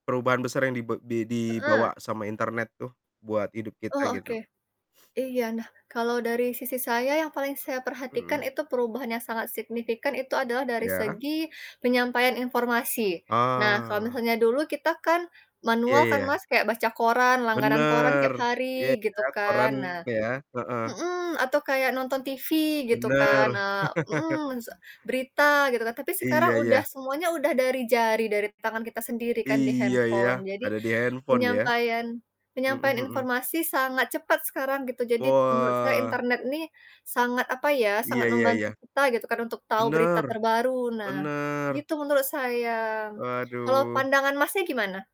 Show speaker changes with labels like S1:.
S1: Perubahan besar yang dibe di
S2: Heeh.
S1: dibawa sama internet tuh, buat hidup kita
S2: Oh, oke.
S1: gitu.
S2: Iya, nah, kalau dari sisi saya yang paling saya perhatikan
S1: Mhm.
S2: itu perubahan yang sangat signifikan itu adalah dari
S1: Iya.
S2: segi penyampaian informasi. Nah, kalau
S1: Ah.
S2: misalnya dulu kita kan,
S1: Iya
S2: manual kan,
S1: iya.
S2: Mas, kayak baca koran, langganan koran
S1: Benar,
S2: tiap
S1: iya
S2: hari
S1: ya,
S2: gitu kan,
S1: keren
S2: nah
S1: ya, heeh.
S2: mhm, atau kayak nonton TV gitu kan,
S1: Bener.
S2: eee mhm, se berita gitu kan, tapi sekarang
S1: Iya
S2: udah
S1: iya.
S2: semuanya udah dari jari, dari tangan kita sendiri kan di
S1: Iya ya,
S2: handphone, jadi,
S1: ada di handphone ya.
S2: penyampaian
S1: Mhm
S2: penyampaian
S1: mhm.
S2: informasi sangat cepat sekarang gitu, jadi menurut saya
S1: Wah.
S2: internet nih, sangat, apa ya,
S1: Iya
S2: sangat
S1: iya
S2: membantu
S1: iya.
S2: kita gitu kan, untuk tahu berita
S1: Bener,
S2: terbaru nah,
S1: bener.
S2: gitu menurut saya. Kalau
S1: Waduh.
S2: pandangan Masnya gimana?